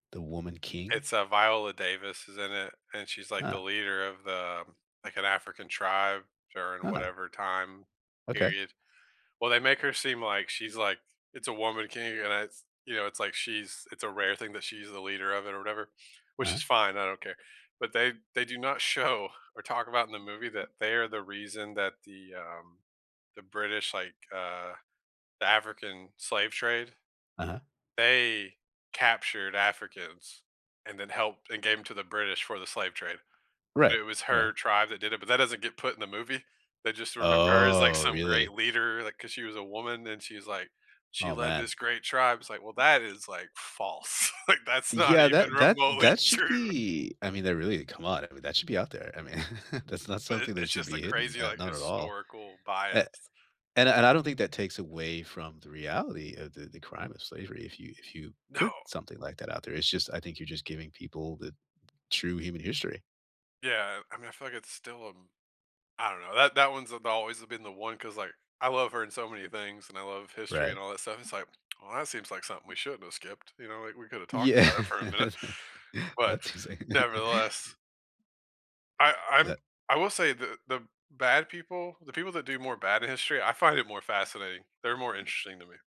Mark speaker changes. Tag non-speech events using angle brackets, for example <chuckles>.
Speaker 1: The Woman King?
Speaker 2: It's, uh, Viola Davis is in it, and she's, like, the
Speaker 1: Huh.
Speaker 2: leader of the like, an African tribe during
Speaker 1: Huh.
Speaker 2: whatever time
Speaker 1: Okay.
Speaker 2: period. Well, they make her seem like she's, like it's a woman king, and it's, you know, it's like she's it's a rare thing that she's the leader of it or whatever, which
Speaker 1: Uh-huh.
Speaker 2: is fine, I don't care, but they they do not show or talk about in the movie that they are the reason that the, um, the British, like, uh, the African slave trade,
Speaker 1: Uh-huh.
Speaker 2: they captured Africans and then helped and gave 'em to the British for the slave trade,
Speaker 1: Right,
Speaker 2: but it was
Speaker 1: right.
Speaker 2: her tribe that did it, but that doesn't get put in the movie. They just remember her as, like,
Speaker 1: Oh,
Speaker 2: some great
Speaker 1: really?
Speaker 2: leader, like, 'cause she was a woman, and she's, like, she
Speaker 1: Oh,
Speaker 2: led
Speaker 1: man.
Speaker 2: this great tribe. It's like, "Well, that is, like, false, like, that's not
Speaker 1: Yeah,
Speaker 2: even
Speaker 1: that that
Speaker 2: remotely
Speaker 1: that should
Speaker 2: true."
Speaker 1: be I mean, they're really come on, I mean, that should be out there. I mean, <chuckles> that's not
Speaker 2: But it
Speaker 1: something that
Speaker 2: it's
Speaker 1: should
Speaker 2: just a
Speaker 1: be hidden,
Speaker 2: crazy,
Speaker 1: uh,
Speaker 2: like,
Speaker 1: not at all.
Speaker 2: historical bias.
Speaker 1: A and and I don't think that takes away from the reality of the the crime of slavery if you if you
Speaker 2: No.
Speaker 1: put something like that out there. It's just I think you're just giving people the true human history.
Speaker 2: Yeah, I I mean, I feel like it's still, um, I don't know, that that one's a the always been the one 'cause, like, I love her in so many things, and I love history and
Speaker 1: Right.
Speaker 2: all that stuff, it's like, "Well, that seems like something we shouldn't have skipped, you know? Like, we could've talked
Speaker 1: Yeah.
Speaker 2: about it for a minute,"
Speaker 1: <chuckles>
Speaker 2: but,
Speaker 1: That's insane. <chuckles>
Speaker 2: nevertheless I I'm
Speaker 1: That
Speaker 2: I will say the the bad people the people that do more bad in history, I find it more fascinating, they're more interesting to me.